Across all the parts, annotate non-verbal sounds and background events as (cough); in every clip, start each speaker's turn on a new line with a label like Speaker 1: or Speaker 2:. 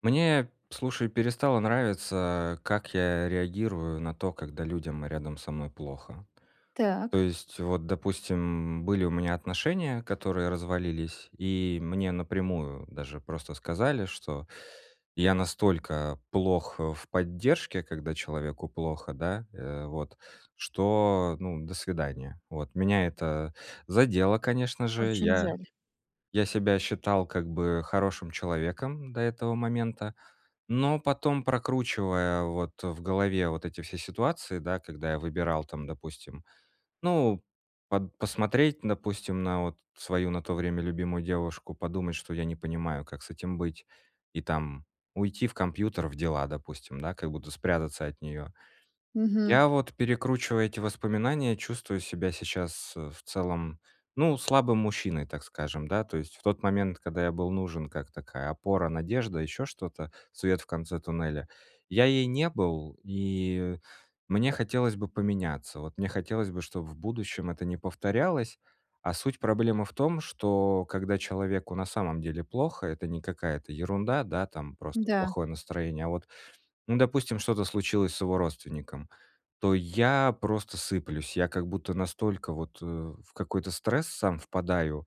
Speaker 1: Мне, п слушай, перестало нравиться, как я реагирую на то, когда людям рядом со мной плохо. То
Speaker 2: Так.
Speaker 1: есть, вот допустим, были у меня отношения, которые развалились. И мне напрямую даже просто сказали, что я настолько плох, э, в поддержке, когда человеку плохо, да, э, вот, что, ну, до свидания. Вот. Меня это задело, конечно же.
Speaker 2: Очень
Speaker 1: Я
Speaker 2: жаль.
Speaker 1: я себя считал как бы хорошим человеком до этого момента. Но потом, прокручивая вот в голове вот эти все ситуации, да, когда я выбирал там, допустим, ну, под посмотреть, допустим, на вот свою на то время любимую девушку, подумать, что я не понимаю, как с этим быть, и там- уйти в компьютер, в дела, допустим, да, как будто спрятаться от неё.
Speaker 2: Мгм.
Speaker 1: Я вот, перекручивая эти воспоминания, чувствую себя сейчас, э, в целом, ну, слабым мужчиной, так скажем, да. То есть в тот момент, когда я был нужен как такая опора, надежда, ещё что-то, свет в конце туннеля, я ей не был. И мне хотелось бы поменяться. Вот мне хотелось бы, чтоб в будущем это не повторялось. А суть проблемы в том, что, когда человеку на самом деле плохо, это не какая-то ерунда, да, там просто
Speaker 2: Да.
Speaker 1: плохое настроение, а вот, ну, допустим, что-то случилось с его родственником, то я просто сыплюсь, я как будто настолько вот, э, в какой-то стресс сам впадаю,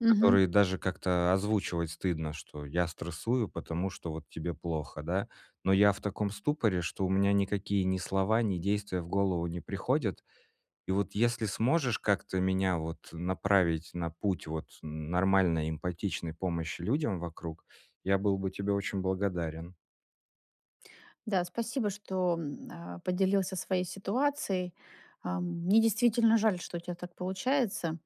Speaker 2: Мгм.
Speaker 1: который даже как-то озвучивать стыдно, что я стрессую, потому что вот тебе плохо, да. Но я в таком ступоре, что у меня никакие ни слова, ни действия в голову не приходят. И вот если сможешь как-то меня вот направить на путь вот н нормальной эмпатичной помощи людям вокруг, я был бы тебе очень благодарен.
Speaker 2: Да, спасибо, что, м, э, поделился своей ситуацией. Ам, мне действительно жаль, что у тя так получается.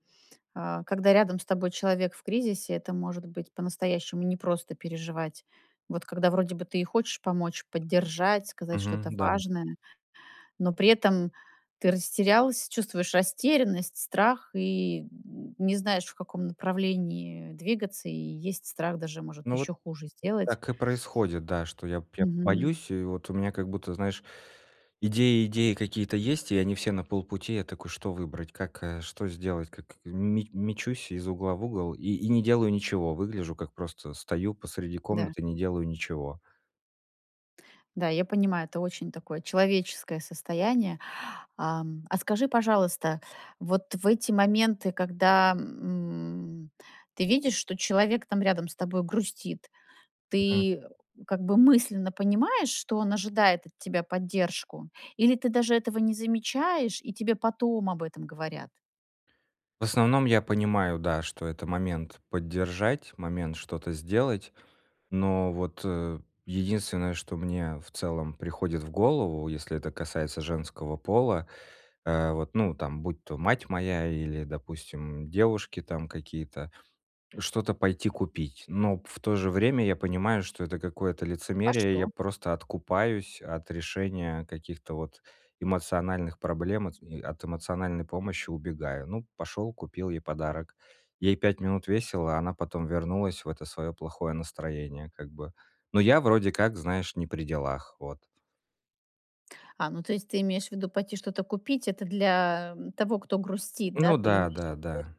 Speaker 2: Э, когда рядом с тобой человек в кризисе, это может быть по-настоящему непросто переживать. Вот когда вроде бы ты и хочешь помочь, поддержать, сказать что-то
Speaker 1: Мгм, да.
Speaker 2: важное, но при этом ты растерялся, чувствуешь растерянность, страх и н не знаешь, в каком направлении двигаться. И есть страх даже, может,
Speaker 1: Ну, вот
Speaker 2: еще хуже сделать.
Speaker 1: так и происходит, да, что я б я
Speaker 2: Мгм.
Speaker 1: боюсь, и вот у меня как будто, знаешь, идеи идеи какие-то есть, и они все на полпути. Я такой: "Что выбрать? Как, э, что сделать? Как?" Ме мечусь из угла в угол и и не делаю ничего. Выгляжу, как просто стою посреди
Speaker 2: Да.
Speaker 1: комнаты, не делаю ничего.
Speaker 2: Да, я понимаю, это очень такое человеческое состояние. Ам, а скажи, пожалуйста, вот в эти моменты, когда, м, ты видишь, что человек там рядом с тобой грустит,
Speaker 1: Мгм.
Speaker 2: ты как бы мысленно понимаешь, что он ожидает от тебя поддержку? Или ты даже этого не замечаешь и тебе потом об этом говорят?
Speaker 1: В основном я понимаю, да, что это момент поддержать, момент что-то сделать, но вот, э, единственное, что мне в целом приходит в голову, если это касается женского пола, э, вот, ну, там будь то мать моя или, допустим, девушки там какие-то, что-то пойти купить. Но пф в то же время я понимаю, что это какое-то
Speaker 2: А
Speaker 1: лицемерие, и
Speaker 2: что?
Speaker 1: я просто откупаюсь от решения каких-то вот эмоциональных проблем, от ми от эмоциональной помощи убегаю. Ну, пошёл, купил ей подарок. Ей 5 минут весело, а она потом вернулась в это своё плохое настроение как бы. Но я вроде как, знаешь, не при делах. Вот.
Speaker 2: А, ну то есть ты имеешь в виду пойти что-то купить- это для, м, того, кто грустит, да?
Speaker 1: Ну
Speaker 2: Ты
Speaker 1: да,
Speaker 2: имеешь в виду. (unintelligible)
Speaker 1: да, да.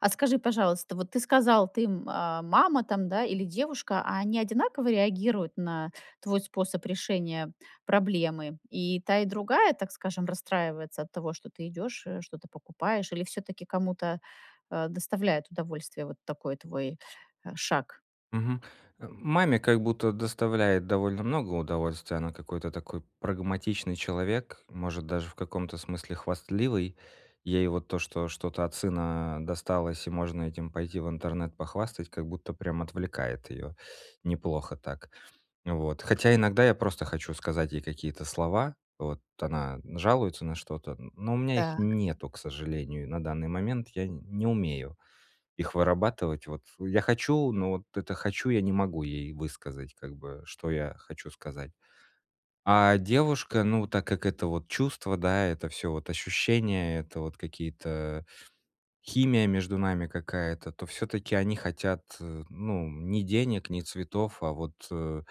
Speaker 2: А скажи, пожалуйста, вот ты сказал ты, м, а, мама там, да, или девушка, а они одинаково реагируют на твой способ решения проблемы? И та и другая, так скажем, расстраивается от того, что ты идешь, э, что-то покупаешь, или всё-таки кому-то, э, доставляет удовольствие вот такой твой, э, шаг?
Speaker 1: Мгм. Э. Маме, как будто, доставляет довольно много удовольствия, она какой-то такой прагматичный человек, может даже в каком-то смысле хвастливый. Ей вот то, что что-то от сына, а, досталось, и можно этим пойти в интернет похвастать, как будто, прям отвлекает её, неплохо так. Вот. Хотя иногда я просто хочу сказать ей какие-то слова. Вот. Она жалуется на что-то, н но у меня их
Speaker 2: Так.
Speaker 1: нету, к сожалению. На данный момент я не умею их вырабатывать. Вот, я хочу, но, вот, это хочу, я не могу ей высказать, как бы, что я хочу сказать. А девушка, ну, так как это, вот, чувство, да, это всё вот ощущения, это, вот, какие-то химия между нами какая-то. То всё-таки они хотят, ну, ни денег, ни цветов, а вот, э,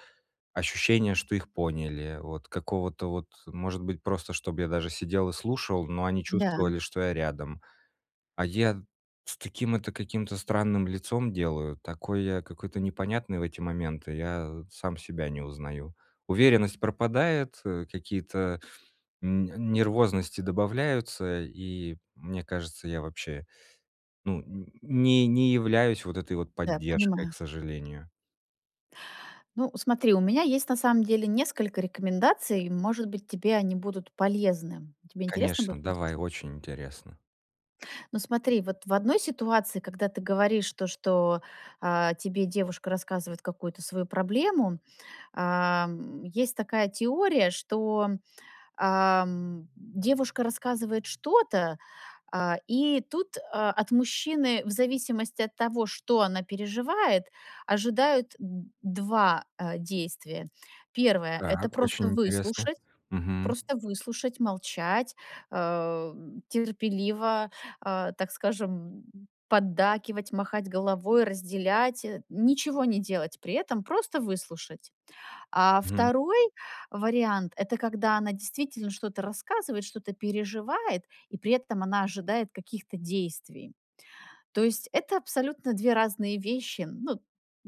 Speaker 1: ощущение, что их поняли. Вот, какого-то, вот, может быть, просто, чтоб я даже сидел и слушал, но они
Speaker 2: Да.
Speaker 1: чувствовали, что я рядом. А я, с таким это каким-то странным лицом делаю, такой я какой-то непонятный в эти моменты, я сам себя не узнаю. Уверенность пропадает, э, какие-то, м, нервозности добавляются, и мне кажется, я вобще, ну, не не являюсь вот этой вот
Speaker 2: Да,
Speaker 1: поддержкой, к
Speaker 2: понимаю.
Speaker 1: сожалению.
Speaker 2: Ну, смотри, у меня есть на самом деле несколько рекомендаций. Может быть, тебе они будут полезны. Тебе интересно
Speaker 1: Конечно,
Speaker 2: будет
Speaker 1: давай,
Speaker 2: послушать?
Speaker 1: очень интересно.
Speaker 2: Ну, смотри, вот в одной ситуации, когда ты говоришь то, что, а, тебе девушка рассказывает какую-то свою проблему, а, м, есть такая теория, что, м, а, м, девушка рассказывает что-то, а, и тут, а, от мужчины в зависимости от того, что она переживает, ожидают д 2, а действия. 1, это
Speaker 1: Так,
Speaker 2: просто
Speaker 1: очень интересно.
Speaker 2: выслушать,
Speaker 1: Мгм.
Speaker 2: просто выслушать, молчать, а, терпеливо, а, так скажем, поддакивать, махать головой, разделять, э, ничего не делать при этом, просто выслушать. А,
Speaker 1: Мгм.
Speaker 2: 2 вариант, это когда она действительно что-то рассказывает, что-то переживает, и при этом она ожидает каких-то действий. То есть, это абсолютно 2 разные вещи. Ну, м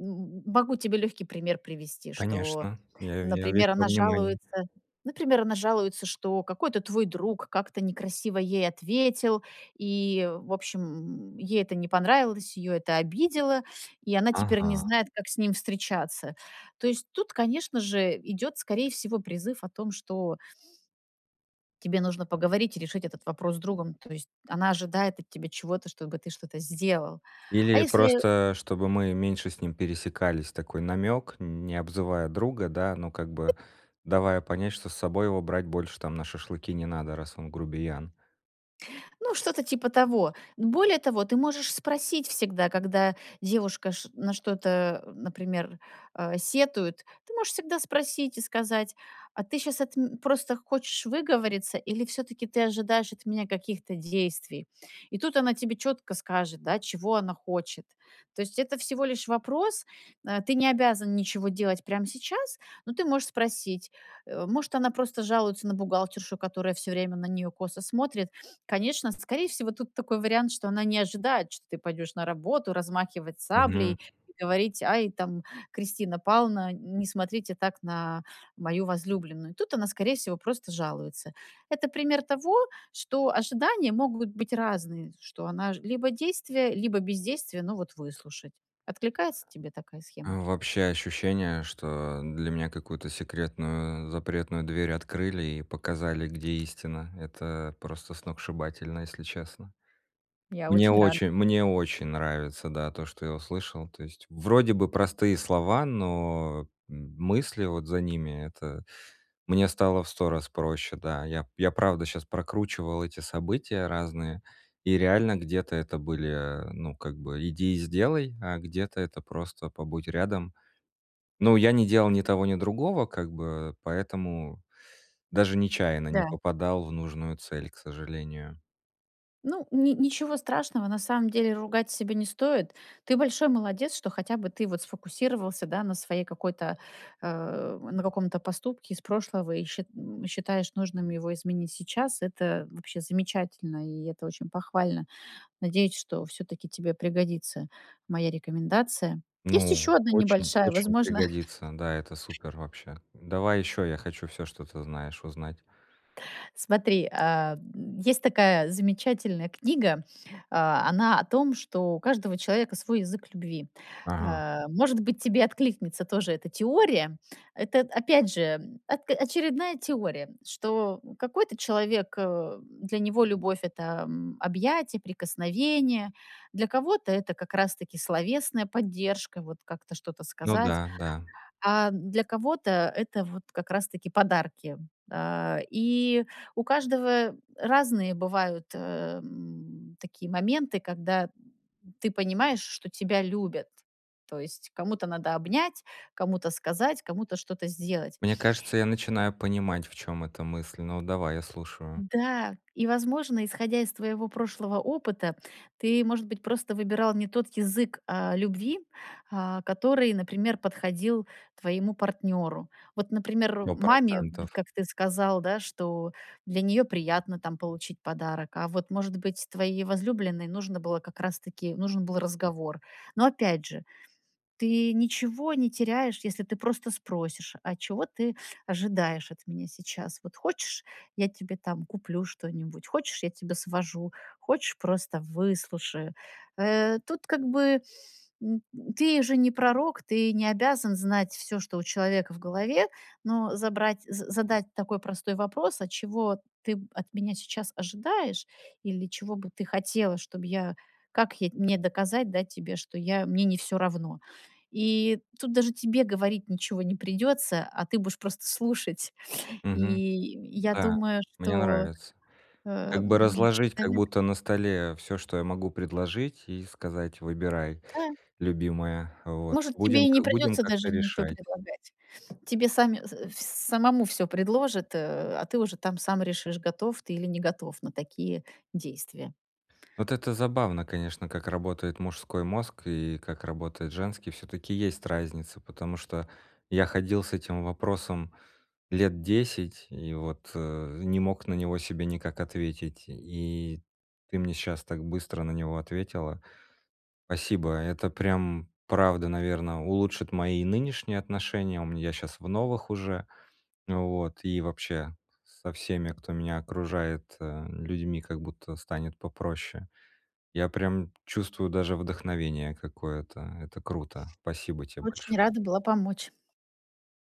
Speaker 2: м м могу тебе легкий пример привести. Что,
Speaker 1: Конечно, я я весь
Speaker 2: например,
Speaker 1: во
Speaker 2: она
Speaker 1: внимании.
Speaker 2: жалуется, например, она жалуется, что какой-то твой друг как-то некрасиво ей ответил, и, в общем, м, ей это не понравилось, ее это обидело, и она теперь не
Speaker 1: Ага.
Speaker 2: знает, как с ним встречаться. То есть, тут, конечно же, идет, скорее всего, призыв о том, что тебе нужно поговорить и решить этот вопрос с другом. То есть, она ожидает от тебя чего-то, чтобы ты что-то сделал. А
Speaker 1: Или
Speaker 2: если
Speaker 1: просто чтобы мы меньше с ним пересекались, такой намек, не обзывая друга, да, но как бы давая понять что с собой его брать больше, там, на шашлыки не надо, раз он грубиян.
Speaker 2: Ну, что-то типа того. Более того, ты можешь спросить всегда, когда девушка ш на что-то, а, например, а, сетует, ты можешь всегда спросить и сказать: "А ты щас от м просто хочешь выговориться, или всё-таки ты ожидаешь от меня каких-то действий?" И тут она тебе четко скажет, да, чего она хочет. То есть это всего лишь вопрос. А, ты не обязан ничего делать прям сейчас, но ты можешь спросить. Э, может она просто жалуется на бухгалтершу, которая всё время на нее косо смотрит. (sniffs) Конечно, скорее всего тут такой вариант, что она не ожидает, что ты пойдешь на работу размахивать
Speaker 1: Мгм.
Speaker 2: саблей, говорить: "Ай, там Кристина Пална, н не смотрите так на мою возлюбленную". Тут она скорее всего просто жалуется. Это пример того, что ожидания могут быть разные, что она ж, либо действие, либо бездействие, но вот выслушать. Откликается тебе такая схема?
Speaker 1: А вообще ощущение, что для меня какую-то секретную, запретную дверь открыли и показали, где истина. Это просто сногсшибательно, если честно.
Speaker 2: Я
Speaker 1: Мне
Speaker 2: очень рада.
Speaker 1: очень мне очень нравится, да, то, что я услышал. То есть вроде бы простые слова, но м мысли вот за ними, это мне стало в 100 раз проще. Да, я п я правда щас прокручивал эти события разные, и реально где-то это были, ну, как бы "иди и сделай", а где-то это просто "побудь рядом". Ну, я не делал ни того, ни другого как бы, поэтому даже нечаянно не
Speaker 2: Да.
Speaker 1: попадал в нужную цель, к сожалению.
Speaker 2: Ну, ни ничего страшного, на самом деле ругать себя не стоит. Ты большой молодец, что хотя бы ты вот сфокусировался, да, на своей какой-то, а, на каком-то поступке из прошлого и счит м, и считаешь нужным его изменить сейчас. Это вообще замечательно, и это очень похвально. Надеюсь, что всё-таки тебе пригодится моя рекомендация. Есть
Speaker 1: Ну,
Speaker 2: еще одна
Speaker 1: очень,
Speaker 2: небольшая.
Speaker 1: очень
Speaker 2: Возможно.
Speaker 1: пригодится. Да, это
Speaker 2: (laughs)
Speaker 1: супер вообще. Давай ещё, я хочу всё, что ты знаешь, узнать.
Speaker 2: Смотри, а, есть такая замечательная книга. А, она о том, что у каждого человека свой язык любви.
Speaker 1: Ага.
Speaker 2: А, может быть, тебе откликнется тоже эта теория. Это, опять же, ак очередная теория, что, м, какой-то человек, э, для него любовь, это, м, объятия, прикосновения. Для кого-то, это как раз-таки словесная поддержка, вот как-то что-то
Speaker 1: Ну
Speaker 2: сказать.
Speaker 1: да, да.
Speaker 2: А для кого-то это вот как раз таки подарки. А, и у каждого разные бывают, э, м, такие моменты, когда ты понимаешь, что тебя любят. То есть, кому-то надо обнять, кому-то сказать, кому-то что-то сделать.
Speaker 1: Мне кажется я начинаю понимать в чём эта мысль, ну, давай, я слушаю.
Speaker 2: Да, и возможно, исходя из твоего прошлого опыта, ты, может быть, просто выбирал не тот язык, а, любви, а, который, например, подходил твоему партнеру. Вот, например,
Speaker 1: сто
Speaker 2: маме, вот
Speaker 1: процентов.
Speaker 2: как ты сказал, да, что для нее приятно, там, получить подарок, а вот может быть твоей возлюбленной нужно было как раз таки, нужен был разговор. Но опять же, ты ничего не теряешь, если ты просто спросишь: "А чего ты ожидаешь от меня сейчас? Вот хочешь, я тебе, там, куплю что-нибудь? Хочешь, я тебя свожу? Хочешь, просто выслушаю?" Э, тут как бы, м, ты же не пророк. Ты не обязан знать всё, что у человека в голове. Но забрать з задать такой простой вопрос: "А чего ты, м, от меня сейчас ожидаешь? Или чего бы ты хотела, чтоб я, как я, мне доказать, да, тебе, что я мне не всё равно?" И тут даже тебе говорить ничего не придется, а ты будешь просто слушать. И
Speaker 1: Мгм.
Speaker 2: я
Speaker 1: Да.
Speaker 2: думаю,
Speaker 1: Мне
Speaker 2: что,
Speaker 1: нравится.
Speaker 2: э,
Speaker 1: Как бы
Speaker 2: м,
Speaker 1: разложить как
Speaker 2: человек.
Speaker 1: будто на столе всё, что я могу предложить и сказать: выбирай,
Speaker 2: Да.
Speaker 1: любимая, вот,
Speaker 2: Может, тебе
Speaker 1: будем
Speaker 2: и не
Speaker 1: к будем
Speaker 2: придется
Speaker 1: как-то
Speaker 2: даже ничё
Speaker 1: решать.
Speaker 2: предлагать. Тебе сами, с вс самому всё предложат, э, а ты уже, там, сам решишь, готов ты или не готов на такие действия.
Speaker 1: Вот это забавно, конечно, как работает мужской мозг и как работает женский, всё-таки есть разница, потому что я ходил с этим вопросом лет 10 и вот, э, не мог на него себе никак ответить и ты мне щас так быстро на него ответила. Спасибо. Это прям правда, наверно, улучшит мои нынешние отношения. У мн я щас в новых уже, вот, и вообще со всеми, кто меня окружает, э, м людьми, как будто станет попроще. Я прям чувствую даже вдохновение какое-то. Это круто! Спасибо те
Speaker 2: Очень
Speaker 1: большое!
Speaker 2: рада была помочь.